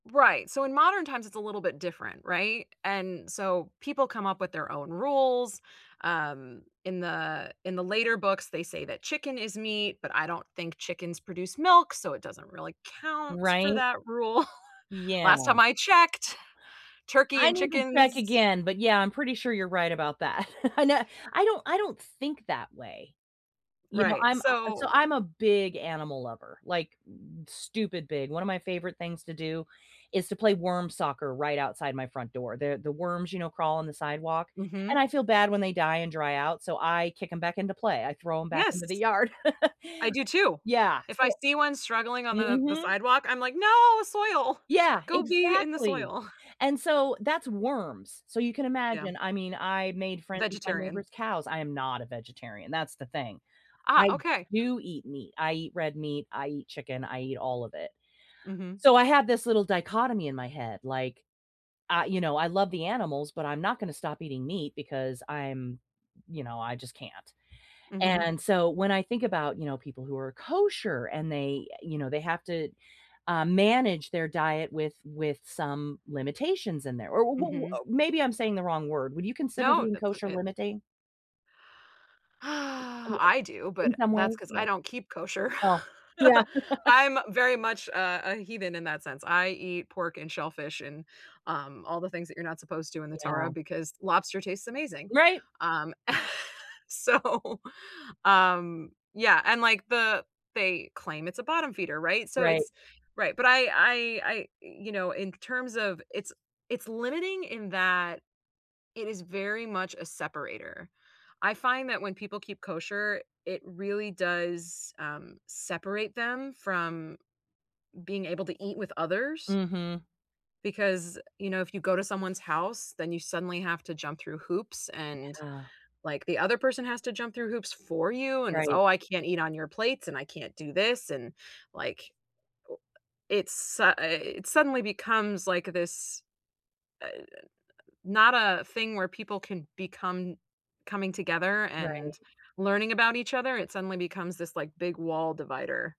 Right, so, in modern times it's a little bit different, right, and so people come up with their own rules, um, in the in the later books they say that chicken is meat, but I don't think chickens produce milk, so it doesn't really count for Right? that rule. Last Yeah. time I checked turkey I and need to check chickens again, but, yeah, I'm pretty sure you're right about that. I know I don't I don't think that way, you know Right, I'm a so, so I'm a big animal lover, like, stupid big one of my favorite things to do is to play worm soccer right outside my front door. The the worms, you know, crawl on the sidewalk, and Mhm. I feel bad when they die and dry out, so I kick ’em back into play, I throw ‘em back into the Yes. yard. I do too. Yeah If I so see one struggling on the the mhm. sidewalk, I'm like no soil. Yeah, Go be in the exactly, soil. and so that's worms, so you can Yeah. imagine I mean, I made friends with my Vegetarian. neighbor's cows I am not a vegetarian, that's the thing. Ah, I okay. do eat meat. I eat red meat, I eat chicken, I eat all of it. Mhm. So, I have this little dichotomy in my head like, I you know, I love the animals, but I'm not gonna stop eating meat because I'm, you know, I just can't, Mhm. and so when I think about, you know, people who are kosher and they, you know, they have to, um, manage their diet with with some limitations in there or wh what Mhm. maybe I'm saying the wrong word, would you consider No, being uh so kosher it limiting? Well I I do, In but some that's ways, 'cause yeah. I don't keep kosher. Oh, yeah. I'm very much a a heathen in that sense, I eat pork and shellfish and, um, all the things that you're not supposed to in the Torah, Yeah. because lobster tastes amazing, Right! um, so, um yeah, and like the they claim it's a bottom feeder, right, so Right. it's right, but I I I you know in terms of it's it's limiting in that it is very much a separator. I find that when people keep kosher, it really does, um, separate them from being able to eat with others. Mhm. Because, you know, if you go to someone's house, then you suddenly have to jump through hoops and Yeah. like the other person has to jump through hoops for you and it's, Right. "Oh, I can't eat on your plates and I can't do this." And like it's su it suddenly becomes like this, uh, not a thing where people can become coming together and Right. learning about each other, it suddenly becomes this like big wall divider.